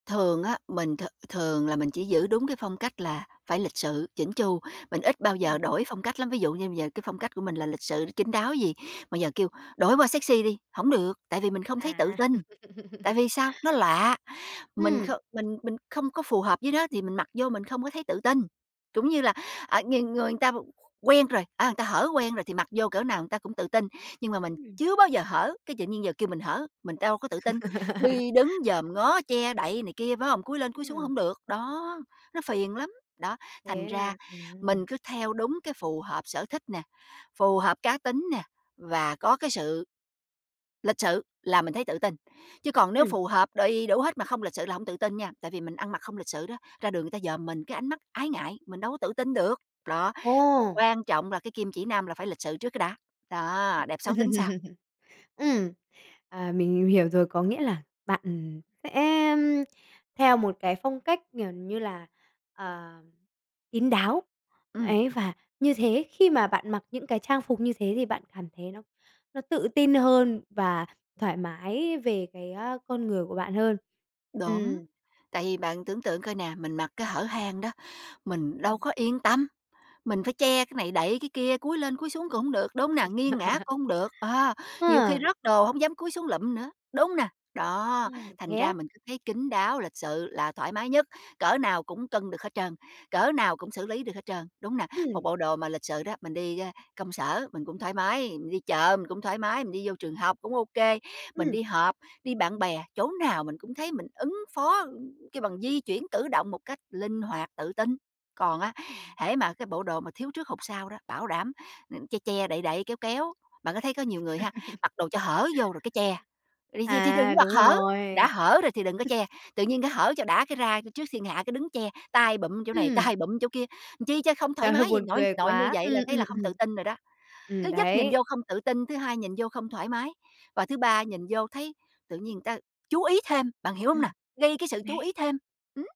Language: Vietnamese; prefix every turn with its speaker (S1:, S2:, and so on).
S1: Thường á, mình th thường là mình chỉ giữ đúng cái phong cách là phải lịch sự, chỉn chu, mình ít bao giờ
S2: Ừm.
S1: đổi phong cách lắm, ví dụ như bây giờ cái phong cách của mình là lịch sự, chín đáo gì, mà giờ kêu đổi qua sexy đi, hổng được, tại vì mình không thấy tự
S2: À.
S1: tin. Tại vì sao? Nó lạ, mình
S2: Ừm.
S1: không mình mình không có phù hợp với nó, thì mình mặc vô mình không có thấy tự tin. Trũng như là, ờ, người người người ta qu quen rồi, a, người ta hở quen rồi thì mặc vô cỡ nào người ta cũng tự tin, nhưng mà mình
S2: Ừm.
S1: chưa bao giờ hở, cái, tự nhiên giờ kêu mình hở, mình đâu có tự tin, đi đứng dòm ngó che đậy này kia, phải hông? Cúi lên cúi xuống
S2: Ừm.
S1: hổng được, đó, nó phiền lắm. Đó, thành
S2: Thế
S1: ra
S2: là ừm.
S1: mình cứ theo đúng cái phù hợp sở thích nè, phù hợp cá tính nè, và có cái sự lịch sự là mình thấy tự tin. Chứ còn nếu
S2: Ừm.
S1: phù hợp đầy đủ hết mà không lịch sự là hông tự tin nha, tại vì mình ăn mặc không lịch sự đó, ra đường người ta dòm mình, cái ánh mắt ái ngại, mình đâu có tự tin được. Đó,
S2: Ồ.
S1: quan trọng là cái kim chỉ nam là phải lịch sự trước cái đã, đó, đẹp xấu tính sau.
S2: Ừm, à, mình mình hiểu rồi, có nghĩa là bạn sẽ, ưm, theo một cái phong cách, kiểu như là, ờ, kín đáo,
S1: Ừm.
S2: ấy, và như thế khi mà bạn mặc những cái trang phục như thế thì bạn cảm thấy nó nó tự tin hơn và thoải mái về cái, a, con người của bạn hơn.
S1: Đúng,
S2: Ừm.
S1: tại vì bạn tưởng tượng coi nè, mình mặc cái hở hang đó, mình đâu
S2: Ừm.
S1: có yên tâm, mình phải che cái này, đậy cái kia, cúi lên cúi xuống cũng hông được, đúng không nè? Nghiêng ngã cũng hông được, à, nhiều khi
S2: A!
S1: rớt đồ hông dám cúi xuống lụm nữa, đúng hông nè? Đó,
S2: À,
S1: thành
S2: thế
S1: ra
S2: á?
S1: mình cứ thấy kín đáo, lịch sự là thoải mái nhất, cỡ nào cũng cân được hết trơn, cỡ nào cũng xử lý được hết trơn, đúng hông nè? Một
S2: Ừm.
S1: bộ đồ mà lịch sự đó, mình đi, ơ, công sở mình cũng thoải mái, mình đi chợ mình cũng thoải mái, mình đi vô trường học cũng ô kê, mình
S2: Ừm.
S1: đi họp, đi bạn bè, chỗ nào mình cũng thấy mình ứng phó, ư, kêu bằng, di chuyển, cử động một cách linh hoạt, tự tin. Còn á,
S2: Ừm.
S1: hễ mà cái bộ đồ mà thiếu trước hụt sau đó, bảo đảm, à, che che, đậy đậy, kéo kéo. Bạn có thấy có nhiều người ha, mặc đồ cho hở vô rồi cái che, vậy thì thì đừng có
S2: À,
S1: mặc
S2: đúng
S1: hở, đã
S2: rồi.
S1: hở rồi thì đừng có che, tự nhiên cái hở cho đã cái ra c trước thiên hạ cái đứng che, tay bụm chỗ này,
S2: Ừm.
S1: tay bụm chỗ kia, làm chi cho không thoải
S2: Trời ơi,
S1: mái vậy?
S2: buồn
S1: Nội
S2: cười
S1: nội như
S2: quá.
S1: vậy là
S2: Ừm,
S1: thấy
S2: ừm,
S1: là không
S2: ừm.
S1: tự tin rồi đó. Thứ
S2: Ừm,
S1: nhất nhìn
S2: đấy.
S1: vô không tự tin, thứ hai nhìn vô không thoải mái, và thứ ba nhìn vô thấy tự nhiên người ta chú ý thêm, bạn hiểu hông nà?
S2: Ừm.
S1: Gây cái sự chú ý
S2: Đấy.
S1: thêm. Ừm!